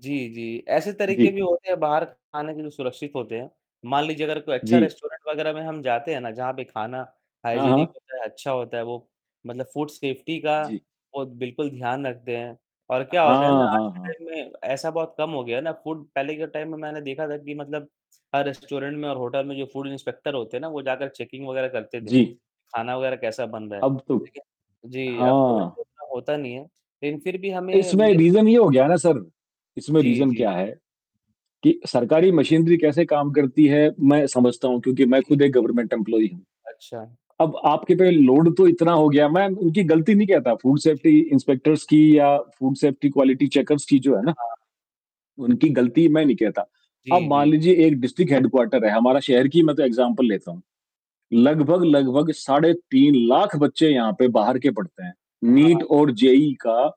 जी, जी, ऐसे तरीके जी। भी होते हैं, बाहर खाने के जो सुरक्षित होते हैं। मान लीजिए अगर कोई अच्छा जी। रेस्टोरेंट वगैरह में हम जाते हैं ना, जहाँ पे खाना हाँ, हाइजीनिक हाँ। होता है अच्छा होता है। वो मतलब फूड सेफ्टी का जी। वो बिल्कुल ध्यान रखते हैं और क्या होता है हाँ, ना, आज हाँ, के हाँ। टाइम में ऐसा बहुत कम हो गया है ना। फूड पहले के टाइम में मैंने देखा था कि मतलब हर रेस्टोरेंट में और होटल में जो फूड इंस्पेक्टर होते हैं ना, वो जाकर चेकिंग वगैरह करते थे, जी। खाना वगैरह कैसा बन रहा है। अब तो, लेकिन जी, अब तो वैसे हाँ। होता नहीं है। लेकिन फिर भी हमें इसमें रीज़न ये हो गया ना सर, इसमें जी, रीज़न जी। क्या है कि सरकारी मशीनरी कैसे काम करती है मैं समझता हूँ, क्योंकि मैं जी, जी खुद एक गवर्नमेंट एम्प्लॉयी हूँ। अच्छा। अब आपके पे लोड तो इतना हो गया। मैं उनकी गलती नहीं कहता फूड जी, सेफ्टी जी। इंस्पेक्टर्स की या फूड सेफ्टी क्वालिटी चेकर्स की जो है त ना, हा। उनकी गलती मैं नहीं कहता। जी, अब मान जी। लीजिए एक डिस्ट्रिक्ट हेडक्वार्टर है, हमारा शहर की मैं तो एग्ज़ाम्पल लेता हूँ। लगभग-लगभग साढ़े 3 लाख बच्चे यहाँ पे बाहर के पढ़ते हैं। वाह! नीट और जेईई का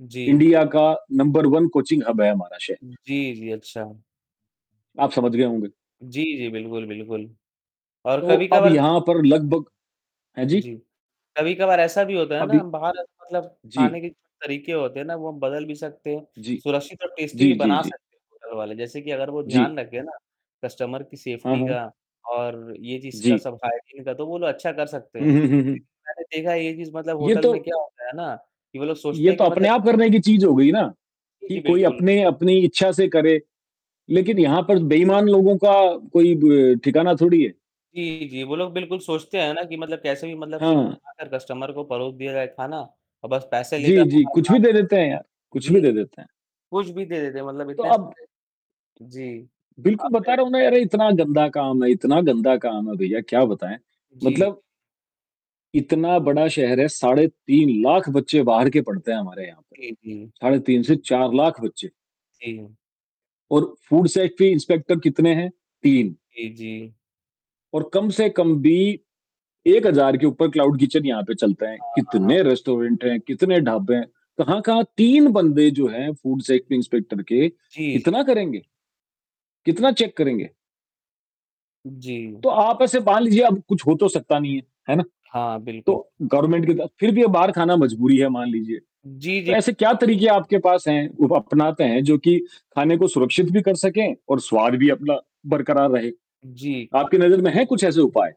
जी। इंडिया का नंबर वन कोचिंग हब है हमारा शहर। जी, जी। अच्छा। आप समझ गए होंगे। जी, जी, बिल्कुल। और तो अब कभी-कभार यहाँ पर लगभग हैं जी? जी। कभी-कभार ऐसा भी होता है ना अभी बाहर मतलब जी। खाने के तरीके होते हैं ना, वो हम बदल भी सकते हैं। जी। सुरक्षित और टेस्टी भी जी, जी, बना जी। सकते हैं होटल वाले। जैसे कि अगर वो जी। ध्यान रखें ना, कस्टमर की हाँ, सेफ्टी हाँ। का और ये जिसका जी। सब हाइजीन का तो वो लोग अच्छा कर सकते हैं। हुँ, हुँ, लेकिन हुँ, हुँ। मैंने देखा ये चीज़ मतलब ये होटल में तो क्या होता है ना कि वो लोग सोचते ये हैं तो कि अपने मतलब आप करने की चीज हो गई ना जी कि जी, कोई बिल्कुल। अपने अपनी इच्छा से करे। लेकिन यहाँ पर बेईमान लोगों का कोई ब ठिकाना थोड़ी है। जी जी, वो लोग बिल्कुल सोचते हैं ना कि मतलब कैसे भी मतलब सिर्फ हाँ। बनाकर कस्टमर को परोस दिया जाए खाना और बस पैसे लेकर जी, जी। हमारा कुछ काम भी दे देते हैं यार, कुछ भी जी। दे देते हैं। कुछ भी दे देते हैं मतलब तो इतने अब सारे जी, बिल्कुल, बता अपने रहा हूँ ना यार इतना गंदा काम है, इतना गंदा काम है भैया क्या बताएँ। जी, जी। मतलब इतना बड़ा शहर है, साढ़े तीन तीन लाख बच्चे बाहर के पढ़ते हैं हमारे यहाँ पे। जी जी। साढ़े 3 से 4 लाख बच्चे। जी। और फूड सेफ्टी इंस्पेक्टर कितने हैं? 3 जी, जी। और कम से कम भी 1,000 के ऊपर क्लाउड किचन यहाँ पे चलते हैं। हाँ, हाँ, हाँ, कितने हाँ। रेस्टोरेंट हैं, कितने ढाबे हैं। कहाँ-कहाँ 3 बंदे जो हैं फूड सेफ्टी इंस्पेक्टर के, जी। जी। कितना करेंगे? कितना चेक करेंगे? जी। तो आप ऐसे मान लीजिए अब कुछ हो तो सकता नहीं है। है ना? हाँ, बिल्कुल। तो गवर्नमेंट के बात, फिर भी बाहर खाना मजबूरी है मान लीजिए। जी, तो जी, बिल्कुल। ऐसे क्या तरीके आपके पास हैं, वो अपनाते हैं, जो कि खाने को सुरक्षित भी कर सकें और जी, जी। स्वाद भी अपना बरकरार रहे। जी। आपकी खाने नजर में है को कुछ ऐसे उपाय?